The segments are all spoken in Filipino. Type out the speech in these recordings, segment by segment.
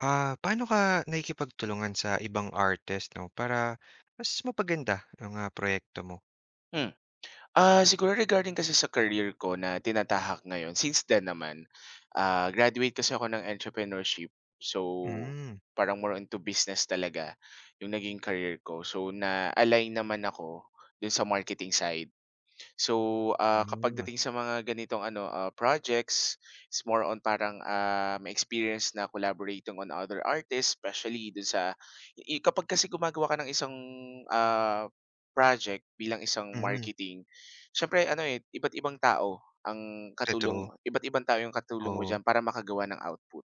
Ah, paano ka nakikipagtulungan sa ibang artist, 'no? Para mas, mapaganda yung ah, proyekto mo? Hmm, ah, siguro regarding kasi sa career ko, na tinatahak ngayon, since then naman, ah, graduate kasi ako ng Entrepreneurship. So, Hmm. parang more on to business talaga, yung naging career ko. So, na-align naman ako, do'n sa marketing side. So, ah, ka Ah. pagdating sa mga ganitong ano, ah, projects, it's more on, parang, ah, may experience na collaborating on other artists, especially do'n sa ih kapag kasi gumagawa ka ng isang, ah, project bilang isang Mhm. marketing, siyempre ano, eh, iba't ibang tao ang katulong Totoo. iba't ibang tao yung katulong mo Oo. diyan, para makagawa ng output.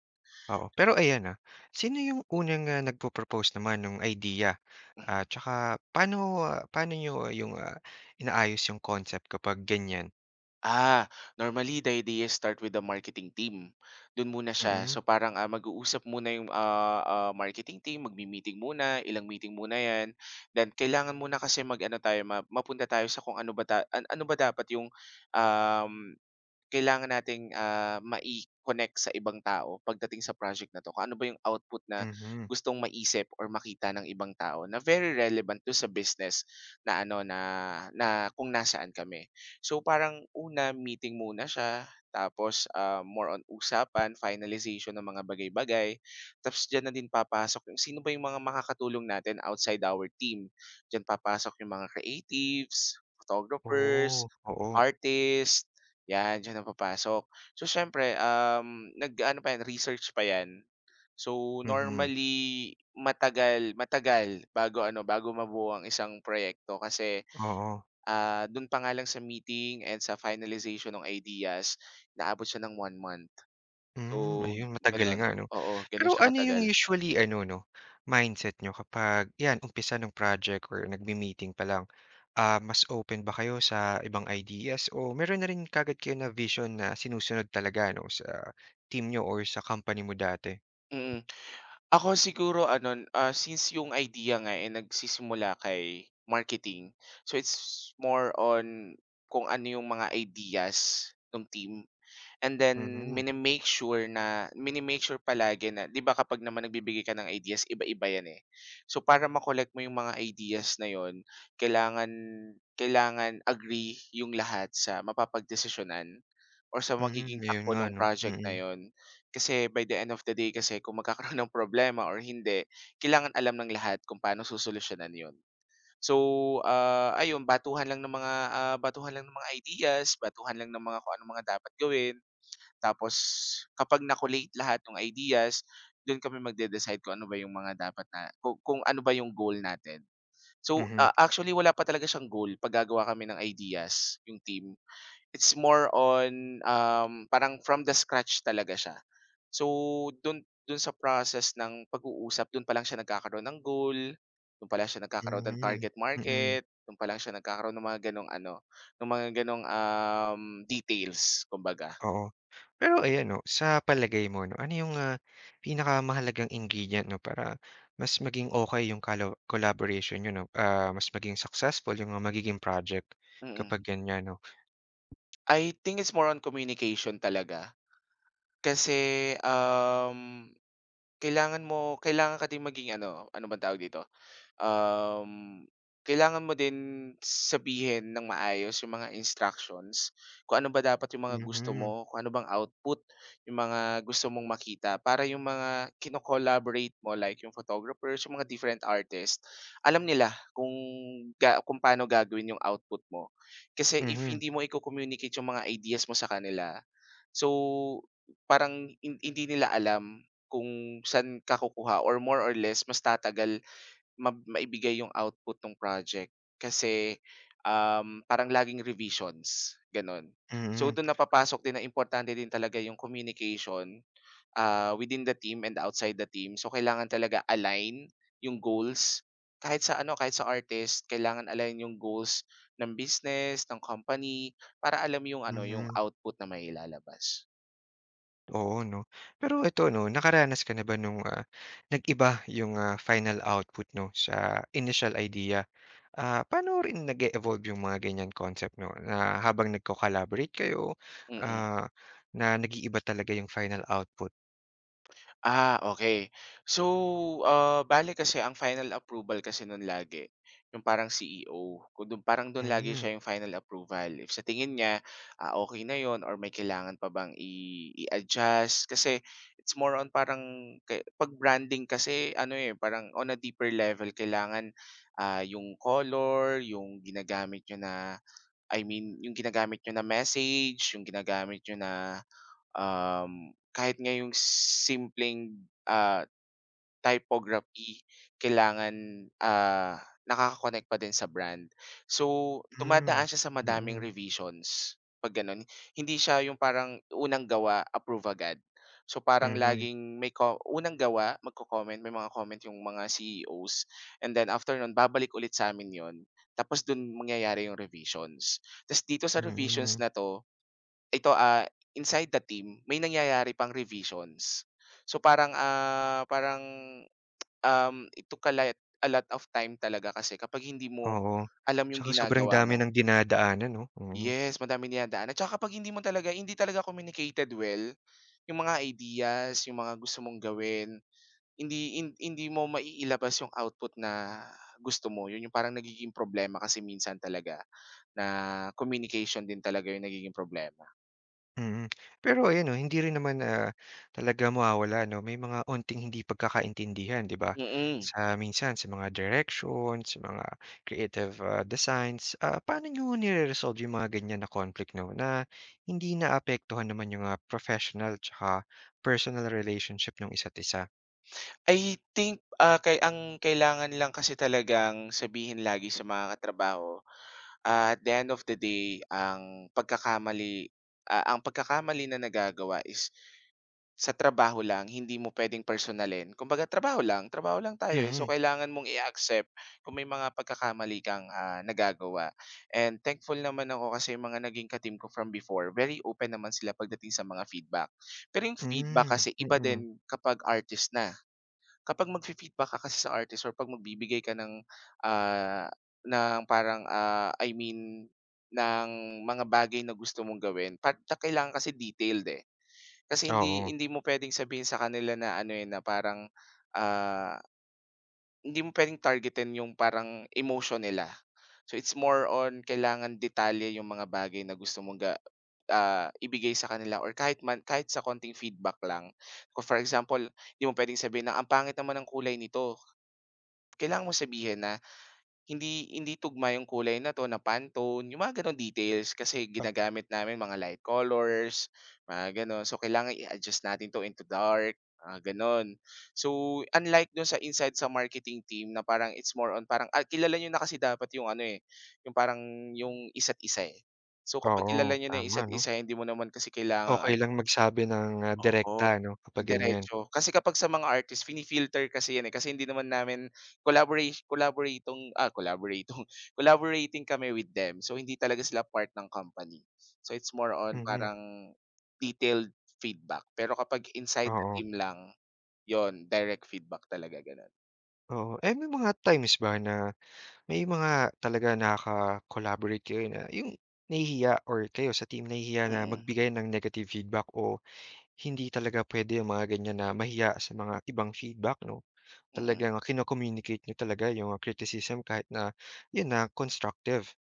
Oo, pero ayan, ah, sino yung unang, ah, nagpro-propose naman no'ng idea? Mhm. At tsaka, paano paano niyo yung ah, inaayos yung concept kapag ganyan? Ah, normally the idea start with the marketing team, do'n muna siya. Mm. So, parang, ah, mag-uusap muna yung, ah, ah, marketing team, magme-meeting muna, ilang meeting muna yan. Then, kailangan muna kasi mag-ano tayo, ma mapunta tayo sa kung ano ba tay a ano ba dapat yung, um, kailangan nating, ah, mai-connect sa ibang tao pagdating sa project na 'to. Kung ano ba yung output na Mhm. gustong maisip or makita ng ibang tao, na very relevant do'n sa business na ano, na, na kung nasaan kami. So, parang una, meeting muna siya, tapos, um, more on usapan, finalization ng mga bagay-bagay, tapos diyan na din papasok yung, sino ba yung mga makatulong natin outside our team. Diyan papasok yung mga creatives, photographers, Oh, oo. artist, yan, diyan na papasok. So, siyempre, um, nag-aano pa yan, research pa yan. So, Mhm. normally, matagal matagal bago ano, bago mabuo ang isang proyekto kasi, Oo. ah, do'n pa nga lang sa meeting and sa finalization ng ideas, inaabot siya ng 1 month. So, Hmm, ayun, matagal gano'n, nga, 'no? oo, gano'n Pero siya ano yung katagal. usually ano, 'no, mindset niyo kapag, yan, umpisa ng project or nagme-meeting pa lang. Ah, mas open ba kayo sa ibang ideas, o mayro'n na rin kaagad kayo na-vision na, sinusunod talaga, 'no, sa team niyo or sa company mo dati? Mm, ako siguro ano, since, yung idea nga eh, nagsisimula kay marketing, so, it's more on, kung ano yung mga ideas, no'ng team. And then, Mhm. mini-make sure na mini-make sure palagi na, 'di ba, kapag naman nagbibigay ka ng ideas, iba-iba 'yan, eh. So, para ma-collect mo yung mga ideas na 'yon, kailangan, kailangan agree yung lahat sa mapapagdesisyonan or sa Hmm, magiging 'yon takbo nga no'ng ano, project na mm. 'yon. Kasi, by the end of the day, kasi kung magkakaroon ng problema or hindi, kailangan alam ng lahat kung paano susolusyunan 'yon. So, ah, ayun, batuhan lang ng mga, ah, batuhan lang ng mga ideas, batuhan lang ng mga kung anong mga dapat gawin, tapos kapag na-collate lahat ng ideas, do'n kami magde-decide kung ano ba yung mga dapat na kung kung ano ba yung goal natin. So, Mhm. ah, actually, wala pa talaga siyang goal, 'pag gagawa kami ng ideas, yong team, it's more on, um, parang from the scratch talaga siya. So, do'n do'n sa process ng pag-uusap, do'n pa lang siya nagkakaroon ng goal, do'n pa lang siya nagkakaroon ng Mhm, target mm. market, do'n pa lang siya nagkakaroon no'ng mga gano'ng ano, no'ng mga gano'ng, um, details, kumbaga. Oo, pero, ayan 'no, sa palagay mo, 'no, ano yung, ah, pinakamahalagang ingredient, 'no, para mas maging okay yung calo collaboration niyo, 'no, ah, mas maging successful, yung magiging project, Mm. kapag ganyan, 'no? I think, it's more on communication talaga. Kasi, um, kailangan mo kailangan ka ding maging ano, ano bang tawag dito? Um, kailangan mo din, sabihin ng maayos yong mga instructions, kung ano ba dapat yong mga gusto Mhm. mo, kung ano bang output, yong mga gusto mong makita para yong mga kino-collaborate mo, like yong photographers, yong mga different artist, alam nila, kung, ga kung pa'no gagawin yong output mo. Kasi if Mhm. hindi mo i-co-communicate yong mga ideas mo sa kanila, so, parang hin hindi nila alam, kung saan ka kukuha or more or less mas tatagal mab maibigay yong output no'ng project kasi, um, parang laging revisions, gano'n. So, Mm. do'n na papasok din, na importante din talaga yong communication, ah, within the team and outside the team. So, kailangan talaga align yung goals, kahit sa ano, kahit sa artist, kailangan align yung goals ng business, ng company, para alam yung ano, yung Mhm. output na mailalabas. Oo, 'no. Pero ito 'no, nakaranas ka na ba nung, ah, nag-iba yung, ah, final output 'no, sa initial idea? Ah, paano rin nag-e-evolve yung mga ganyang concept 'no, na habang nagko-collaborate kayo, Mm. ah, na nag-iiba talaga yung final output. Ah, okey. So, ah, bale kasi ang final approval kasi no'n lagi, yung parang CEO, kung do'n parang do'n lagi Hmm. siya 'yung final approval. If sa tingin niya, ah, okey na 'yon or may kailangan pa bang i i-adjust, kasi it's more on parang ke ‘pag branding kasi ano eh, parang on a deeper level kailangan, ah, yung color, yung ginagamit niyo na I mean, yung ginagamit niyo na message, yung ginagamit niyo na, um, kahit nga yung simpleng, ah, typography kailangan, ah, nakaka-connect pa din sa brand. So, dumadaan Hmm, siya sa madaming mm. revisions, 'pag gano'n. Hindi siya 'yung parang unang gawa, approve agad. So, parang Mhm. laging may ko unang gawa, magko-comment, may mga comment yung mga CEO's and then after no'n, babalik ulit sa amin 'yon tapos do'n mangyayari 'yung revisions. Tapos dito sa revisions Mm. na 'to, ito a inside the team, may nangyayari pang revisions. So, parang, ah, parang, um, it took a light a lot of time talaga kasi kapag hindi mo Oo. alam 'yung Tsaka sobrang ginagawa dami mo. ng dinadaanan 'no, mhm. Yes, madami dinadaanan. Tsaka kapag hindi mo talaga hindi talaga communicated well, yung mga ideas, yung mga gusto mong gawin, hindi hin hindi mo mai-ilabas yung output na gusto mo. 'Yon yung parang nagiging problema kasi minsan talaga, na communication din talaga yung nagiging problema. Mm. Pero ayun 'no, hindi rin naman, ah, talaga mawawala ‘no, may mga 'onting hindi pagkakaintindihan, ‘di ba? Mm. Sa minsan, sa mga directions, sa mga creative, ah, designs. Ah, paano niyo nire-resolve ‘yong mga ganyan na conflict 'no, na hindi naapektuhan naman ‘yong mga professional tsaka personal relationship no'ng isa’t isa? I think, ah, ‘kay ang kailangan lang kasi talagang sabihin lagi sa mga katrabaho, at the end of the day, ang pagkakamali, ah, ang pagkakamali na nagagawa is sa trabaho lang, hindi mo pwedeng personalin. Kumbaga, trabaho lang, trabaho lang tayo, eh. So, Mm. kailangan mong i-accept kung may mga pagkakamali kang, ah, nagagawa. And thankful naman ako kasi ‘yong mga naging ka-team ko from before, very open naman sila pagdating sa mga feedback. Pero ‘yong feedback Hmm. kasi iba Mm. din kapag artist na. Kapag magfi-feedback ka kasi sa artist or 'pag magbibigay ka ng, ah, ng parang, ah, I mean, ng mga bagay na gusto mong gawin, 'pagka ang kailangan kasi detailed, eh. Kasi hindi Oo. hindi mo pwedeng sabihin sa kanila na, ano, eh, na parang, ah, hindi mo pwedeng targetin ‘yong parang emotion nila. So, it's more on, kailangan detalye ‘yong mga bagay na gusto mong ga ah, ibigay sa kanila, or kahit man kahit sa konting feedback lang. Ah, for example, di mo pwedeng sabihin na, "Ang pangit naman ng kulay nito." Kailangan mong sabihin na, "Hindi hindi tugma ‘yong kulay na ‘to, na Pantone," ‘yong mga gano’ng details. "Kasi Pag ginagamit namin mga light colors," mga gano’n. "So, kailangan i-adjust natin ‘to into dark," mga gano’n. So, unlike do’n sa inside, sa marketing team na parang it's more on parang ay kilala niyo na kasi dapat ‘yong ano, eh, ‘yong parang, ‘yong isa’t isa, eh. So, kapag kilala Oo, niyo na ‘yong tama, isa’t 'no. isa, hindi mo naman kasi kailangan Okey an lang magsabi ng Oo, direkta, 'no, kapag ganyan. diretso. Kasi kapag sa mga artist, fini-filter kasi ‘yan, eh, kasi hindi namin collabora collaboratong, ah, collaboratong, collaborating kami with them. So, hindi talaga sila part ng company. So, it's more on Mm. parang detailed feedback. Pero kapag inside the Oo. team lang ‘yon, direct feedback talaga, gano’n. Oo, eh, may mga times ba na may mga talaga naka-collaborate kayo na 'yung nahihiya or kayo sa team nahihiya na Mm. magbigay ng negative feedback o hindi talaga puwede 'yung mga ganiyan na mahiya sa mga ibang feedback, 'no? Mm. Talagang kino-communicate niyo talaga 'yong criticism kahit na 'yon na constructive.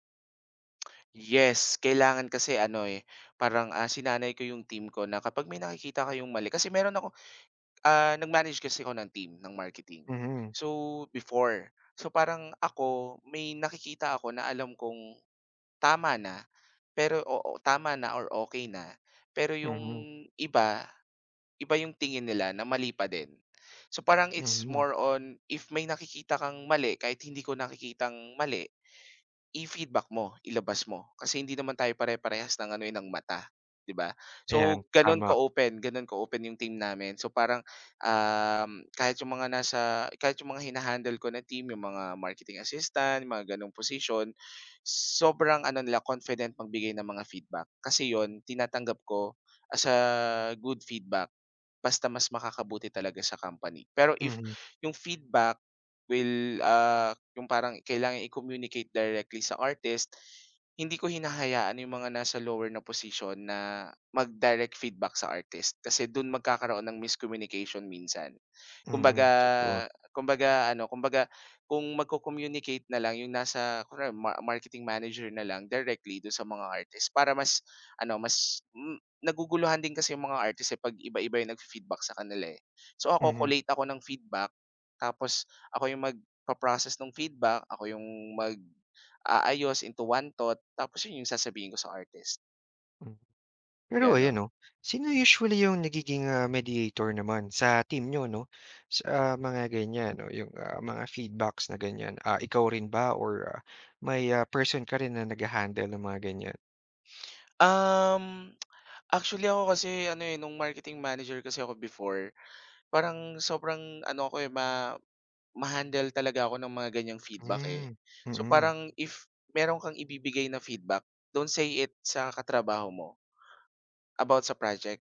Yes, kailangan kasi ano eh, parang, ah, sinanay ko 'yong team ko na kapag may nakikita kayong mali kasi meron ako ah, nag-manage kasi ako ng team ng marketing. Mhm. So, before so parang ako may nakikita ako na alam kong tama na, pero, oo, tama na or okey na, pero 'yong Mhm. iba, iba 'yung tingin nila na mali pa din. So parang it's Mhm. more on if may nakikita kang mali kahit hindi ko nakikitang mali i-feedback mo, ilabas mo. Kasi hindi naman tayo pare parehas ng ano eh, ng mata, 'di ba? Ayan, So, gano'n tama. ka-open gano' ka-open 'yong team namin so parang, uhm, kahit 'yong mga nasa kahit 'yong mga hina-handle ko na team 'yong mga marketing assistant mga gano'ng posisyon, sobrang ano nila confident magbigay ng mga feedback. Kasi 'yon, tinatanggap ko as a good feedback basta mas makakabuti talaga sa company pero if Mhm. yung feedback will, ah, 'yong parang kailangan i-communicate directly sa artist, hindi ko hinahayaan 'yung mga nasa lower na posisyon na mag-direct feedback sa artist kasi do'n magkakaroon ng miscommunication minsan. Kumbaga Mm, totoo. kumbaga ano kumbaga, kung magko-communicate na lang 'yong nasa kunwari ma marketing manager na lang directly do'n sa mga artist para mas ano, mas, hmm, naguguluhan din kasi 'yong mga artist, eh, pag iba-iba 'yung nag-fi-feedback sa kanila, eh. So ako Mhm. collate ako ng feedback, tapos ako 'yong magpa-process no'ng feedback. Ako 'yong mag-aayos into one thought tapos 'yon 'yong sasabihin ko sa artist. Hmm. Pero ayon Gano'n. 'no? Sino usually 'yong nagiging ah, mediator naman sa team niyo 'no, sa mga ganiyan, 'no, 'yong, ah, mga feedbacks na ganiyan, ah, ikaw rin ba or, ah, may, ah, person ka rin na naghahandle ng mga ganiyan? Um, actually ako kasi ano, eh, nung marketing manager kasi ako before, parang sobrang ano ako, eh, ma ma-handle talaga ako ng mga ganiyang feedback, eh. Hmm, So mm. parang if meron kang ibibigay na feedback, don't say it sa katrabaho mo about sa project,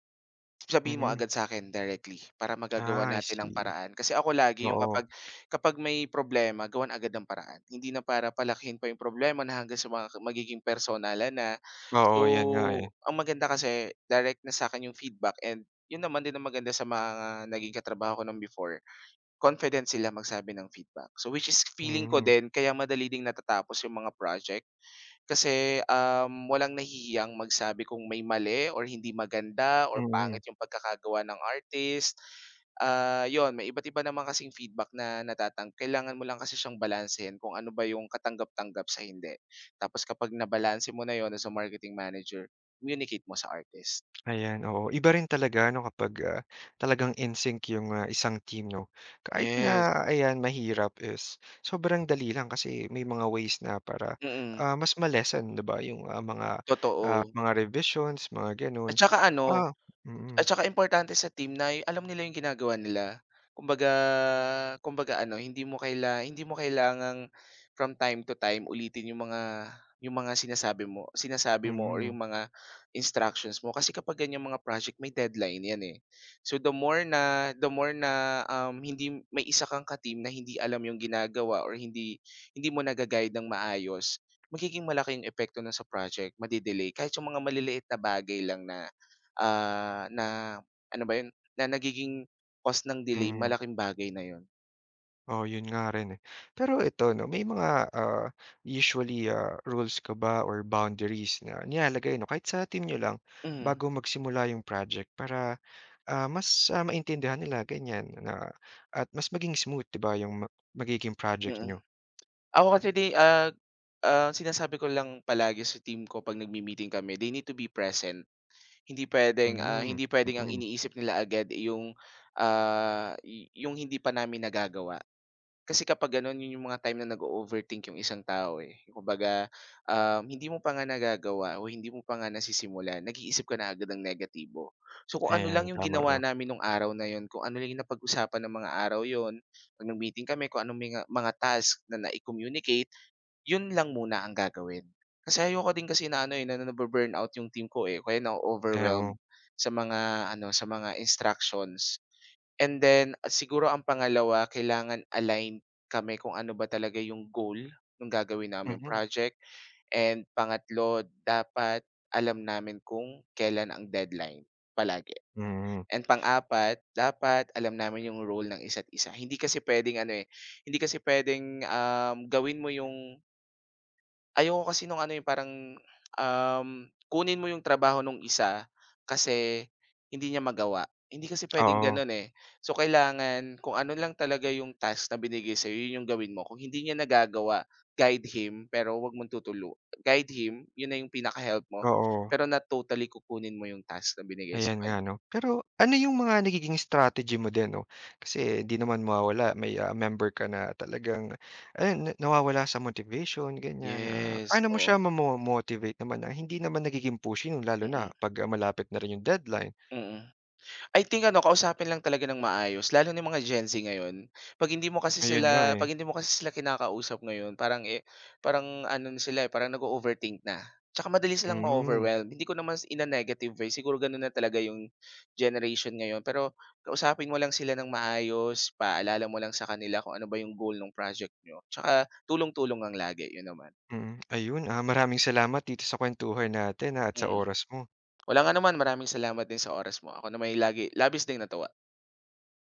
sabihin mo Mhm. agad sa'kin directly para magagawan Ah, I natin ang see. paraan, kasi ako lagi 'yong Oo. kapag kapag may problema gawan agad ng paraan, hindi na para palakihin pa 'yong problema na hanggang sa mga magiging personalan na. Oo, yan nga, So, eh. ang maganda kasi direct na sa akin 'yong feedback and 'yon naman din ang maganda sa mga naging katrabaho ko no'n before confident sila magsabi ng feedback. So, which is feeling ko Mhm. din kaya madali ding natatapos 'yong mga project kasi, um, walang nahihiyang magsabi kung may mali, or hindi maganda, or Mhm. pangit yung pagkakagawa ng artist. Ah, 'yon may iba't-iba naman kasing feedback na natatang kailangan mo lang kasi siyang balansehin kung ano ba yung katanggap-tanggap sa hindi. Tapos kapag nabalanse mo na 'yon as a marketing manager, communicate mo sa artist. Ayan oo, iba rin talaga 'no kapag, ah, talagang in-sync 'yong, ah, isang team, no? Kahit Yes. na ayan mahirap, is sobrang dali lang kasi may mga ways na para, Mm. ah, mas ma-lessen 'di ba, 'yong, ah, mga ah, Totoo. mga revisions, mga At gano'n. saka ano, Ah at mm. saka importante sa team na y alam nila 'yong ginagawa nila. Kumbaga kumbaga ano, hindi mo kaila hindi mo kailangang from time to time ulitin 'yong mga 'yong mga sinasabi mo sinasabi mo or Mhm. 'yong mga instructions mo, kasi kapag ganiyang mga project may deadline 'yan, eh. So the more na, the more na, um, hindi may isa kang ka team na hindi alam yung ginagawa or hindi hindi mo naga-guide ng maayos, magiging malaki 'yong epekto no'n sa project, ma-de-delay, kahit 'yong mga maliliit na bagay lang na, ah, na ano ba 'yon, na nagiging cause ng delay Mhm. malaking bagay na 'yon. Oo, 'yon nga rin eh. Pero ito 'no, may mga, ah, usually, ah, rules ka ba or boundaries na nilalagay 'no, kahit sa team niyo lang Mhm. bago magsimula 'yong project para, ah, mas, ah, maintindihan nila ganiyan na at mas maging smooth 'di ba, 'yong magiging project Mm. niyo? Ako kasi di ah, ah, sinasabi ko lang palagi sa team ko 'pag nagmi-meeting kami, they need to be present. Hindi puwedeng, ah, Mhm. hindi puwedeng ang Mm. iniisip nila agad, eh, 'yong, ah, y 'yong hindi pa namin nagagawa. Kasi kapag gano'n, 'yon 'yong mga time na nag-o-overthink 'yong isang tao, eh. Kumbaga, um, hindi mo pa nga nagagawa o hindi mo pa nga nasisimulan, nag-iisip ka na agad ng negatibo. So, kung ano lang Ayan. 'yong Tama, ginawa 'no. namin no'ng araw na 'yon, kung ano lang napag-usapan ng mga araw 'yon, 'pag nag-meeting kami, kung anong menga mga task na na-i-communicate 'yon lang muna ang gagawin. Kasi ayoko din kasi na ano eh, na na-bu-burnout 'yong team ko, eh, o kaya Ay, oo. na-o-overwhelmed sa mga ano, sa mga instructions. And then, siguro ang pangalawa, kailangan aligned kami kung ano ba talaga 'yong goal no'ng gagawin naming Mhm. project. And pangatlo, dapat alam namin kung kailan ang deadline, palagi. Mhm. And pang-apat, dapat alam namin 'yong role ng isa't-isa. Hindi kasi puwedeng ano eh, hindi kasi puwedeng, um, gawin mo 'yong Ayoko kasi no’ng ano, eh,'yong parang, um, kunin mo ‘yong trabaho no’ng isa, kasi hindi niya magawa. Hindi kasi puwedeng Oo. gano’n, eh. So, kailangan kung ano lang talaga ‘yong task na binigay sa‘yo, ‘yon ‘yong gawin mo. Kung hindi niya nagagawa, guide him, pero huwag mong tutulu guide him, ‘yon na ‘yong pinaka-help mo. Oo. Pero not totally kukunin mo ‘yong task na binigay sa Ayan nga, kaniya. 'no. Pero ano, ‘yong mga nagiging strategy mo din, ‘no, kasi di naman mawawala may, ah, member ka na talagang, ayan na nawawala sa motivation, ganiyan. Ah, Yes, paano mo oo. siya mamo-motivate naman na, hindi naman nagiging pushing, 'yong lalo na, Mm. 'pag malapit na rin ‘yong deadline? Mm. I think, ano, kausapin lang talaga ng maayos lalo na 'yong mga Gen Z ngayon. ‘Pag hindi mo kasi Ayon nga, sila eh. ‘pag hindi mo kasi sila kinakausap ngayon, parang, eh parang ano na sila, eh, parang nag-o-overthink na. Tsaka madali silang Hmm. ma-overwhelmed. Hindi ko naman s in a negative way, siguro gano’n na talaga ‘yong, generation ngayon. Pero, kausapin mo lang sila ng maayos, ipaalala mo lang sa kanila kung ano ba ‘yong goal no'ng project niyo. Tsaka tulong-tulong lang lagi, ‘yon naman. Mm, ayun, ah, maraming salamat dito sa kuwentuhan natin, ah, at sa Mm. oras mo. Walang anuman, maraming salamat din sa oras mo. Ako nama'y, lagi labis ding natuwa.